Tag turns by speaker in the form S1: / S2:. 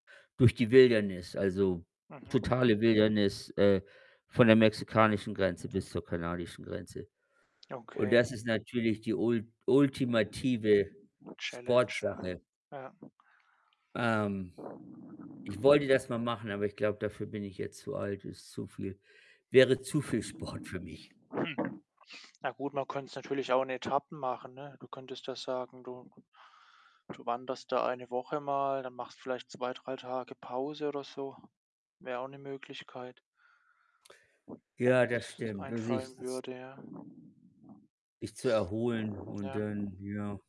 S1: Durch die Wildnis, also
S2: Mhm.
S1: totale Wildnis, äh, von der mexikanischen Grenze bis zur kanadischen Grenze
S2: Ja,
S1: und
S2: okay.
S1: das ist natürlich die ult ultimative
S2: Challenge, ja.
S1: Sportsache.
S2: Ja.
S1: Ähm, ich wollte das mal machen, aber ich glaube, dafür bin ich jetzt zu alt. Ist zu viel wäre zu viel Sport für mich.
S2: Hm. Ja gut, man könnte es natürlich auch in Etappen machen, ne? Du könntest ja sagen, du du wanderst da 1 Woche mal, dann machst vielleicht 2, 3 Tage Pause oder so. Wäre auch 'ne Möglichkeit wo mir
S1: Ja, das
S2: jetzt
S1: stimmt. Du
S2: einfallen
S1: siehts's
S2: würde, ja.
S1: Dich zu erholen und
S2: Ja.
S1: dann, ja.